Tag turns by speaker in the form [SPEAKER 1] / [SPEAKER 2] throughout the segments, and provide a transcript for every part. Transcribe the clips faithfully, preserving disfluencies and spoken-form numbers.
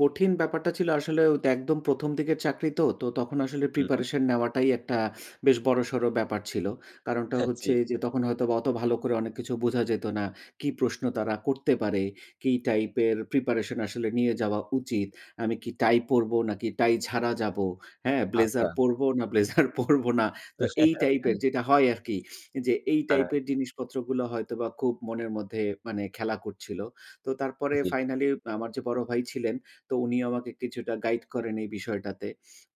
[SPEAKER 1] কঠিন ব্যাপারটা ছিল আসলে তো একদম প্রথম দিকের চাকরি তো। তো তখন আসলে
[SPEAKER 2] হু, হুম।
[SPEAKER 1] প্রিপারেশন নেওয়াটাই, একটা বেশ বড়সড় ব্যাপার ছিল। কারণটা
[SPEAKER 2] হ্যাঁ, জ্বী।
[SPEAKER 1] হচ্ছে যে, তখন হয়তো অত ভালো করে অনেক কিছু বোঝা যেত না। কি প্রশ্ন তারা করতে পারে, কি টাইপের প্রিপারেশন আসলে নিয়ে যাওয়া উচিত? আমি কি টাই পড়ব, নাকি টাই ছাড়া যাবো? হ্যাঁ? ব্লেজার
[SPEAKER 2] আচ্ছা।
[SPEAKER 1] পড়ব না ব্লেজার পড়ব না? তো এই টাইপের যেটা হয় আরকি। যে, এই
[SPEAKER 2] হ্যাঁ।
[SPEAKER 1] টাইপের জিনিসপত্র গুলো হয়তোবা, খুব মনের মধ্যে মানে খেলা করছিল। তো তারপরে
[SPEAKER 2] জ্বী।
[SPEAKER 1] ফাইনালে আমার যে, বড় ভাই ছিলেন, তো উনিও আমাকে কিছুটা গাইড করেন এই বিষয়টাতে।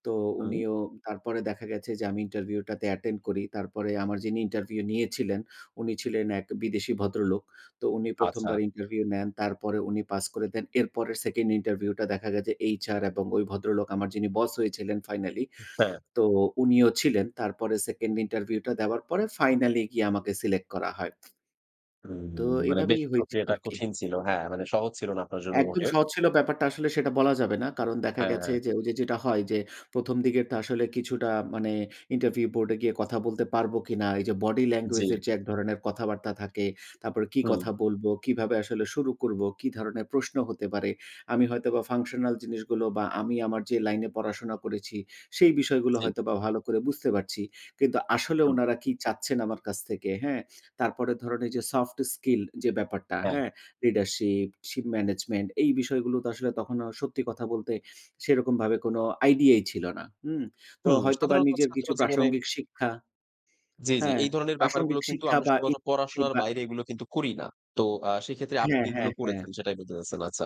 [SPEAKER 1] তো
[SPEAKER 2] হুম।
[SPEAKER 1] উনিও তারপরে দেখা গেছে যে, আমি ইন্টারভিউটাতে অ্যাটেন্ড করি। তারপরে আমার যিনি ইন্টারভিউ নিয়েছিলেন, উনি ছিলেন এক বিদেশি ভদ্রলোক। তো উনি
[SPEAKER 2] আচ্ছা।
[SPEAKER 1] প্রথমবার ইন্টারভিউ নেন, তারপরে উনি পাস করে দেন। এরপরে সেকেন্ড ইন্টারভিউ টা দেখা গেছে, এইচআর এবং ওই ভদ্রলোক আমার যিনি বস হয়েছিলেন ফাইনালি।
[SPEAKER 2] হু, হ্যাঁ।
[SPEAKER 1] তো উনিও ছিলেন। তারপরে সেকেন্ড ইন্টারভিউ টা দেওয়ার পরে ফাইনালে গিয়ে আমাকে সিলেক্ট করা হয়।
[SPEAKER 2] হুম,
[SPEAKER 1] তো
[SPEAKER 2] মানে বেশ
[SPEAKER 1] এভাবেই হয়েছে
[SPEAKER 2] প্রক্রিয়াটা
[SPEAKER 1] আর কি।
[SPEAKER 2] কঠিন ছিল। হ্যাঁ, মানে সহজ ছিল না আপনার জন্য
[SPEAKER 1] একদম
[SPEAKER 2] মোটেও।
[SPEAKER 1] সহজ ছিল ব্যাপারটা আসলে সেটা বলা যাবে না। কারণ দেখা গেছে
[SPEAKER 2] হ্যাঁ।
[SPEAKER 1] যে, ওই যে, যেটা হয় যে, প্রথম দিকের তো আসলে কিছুটা মানে ইন্টারভিউ বোর্ডে গিয়ে কথা বলতে পারবো কিনা। এই যে, বডি ল্যাঙ্গুয়েজ
[SPEAKER 2] জ্বী।
[SPEAKER 1] এর যে, এক ধরনের কথাবার্তা থাকে। তারপরে কি
[SPEAKER 2] হুম।
[SPEAKER 1] কথা বলবো? কিভাবে আসলে শুরু করবো? কি ধরনের প্রশ্ন হতে পারে? আমি হয়তো বা ফাংশনাল জিনিসগুলো বা আমি আমার যে, লাইনে পড়াশোনা করেছি। সেই বিষয়গুলো
[SPEAKER 2] জ্বী।
[SPEAKER 1] হয়তোবা ভালো করে বুঝতে পারছি। কিন্তু আসলে
[SPEAKER 2] হুম।
[SPEAKER 1] উনারা কি চাচ্ছেন, আমার কাছ থেকে, হ্যাঁ? তারপরে ধরেন, এই যে, সফট স্কিল যে, ব্যাপারটা।
[SPEAKER 2] হ্যাঁ।
[SPEAKER 1] হ্যাঁ? লিডারশিপ, শিপ ম্যানেজমেন্ট এই বিষয়গুলো তো আসলে তখনো সত্যি কথা বলতে সেরকমভাবে কোন আইডিয়াই ছিল না। হুম? তো
[SPEAKER 2] হুম,
[SPEAKER 1] হয়তোবা
[SPEAKER 2] সাধারণত
[SPEAKER 1] নিজের
[SPEAKER 2] ছাত্র
[SPEAKER 1] কিছু
[SPEAKER 2] জীবনে।
[SPEAKER 1] প্রাসঙ্গিক শিক্ষা
[SPEAKER 2] জ্বী, জ্বী।
[SPEAKER 1] হ্যাঁ,
[SPEAKER 2] এই ধরনের ব্যাপারগুলো
[SPEAKER 1] প্রাসঙ্গিক
[SPEAKER 2] কিন্তু
[SPEAKER 1] শিক্ষা
[SPEAKER 2] আমরা
[SPEAKER 1] বা
[SPEAKER 2] শুধুমাত্র
[SPEAKER 1] ইচ্ছে
[SPEAKER 2] পড়াশোনার
[SPEAKER 1] বা
[SPEAKER 2] বাইরে এগুলো কিন্তু করি না। তো আ সেক্ষেত্রে আপনি
[SPEAKER 1] হ্যাঁ,
[SPEAKER 2] এগুলো
[SPEAKER 1] হ্যাঁ, হ্যাঁ।
[SPEAKER 2] করেছেন সেটাই বলতে চাচ্ছেন, আচ্ছা।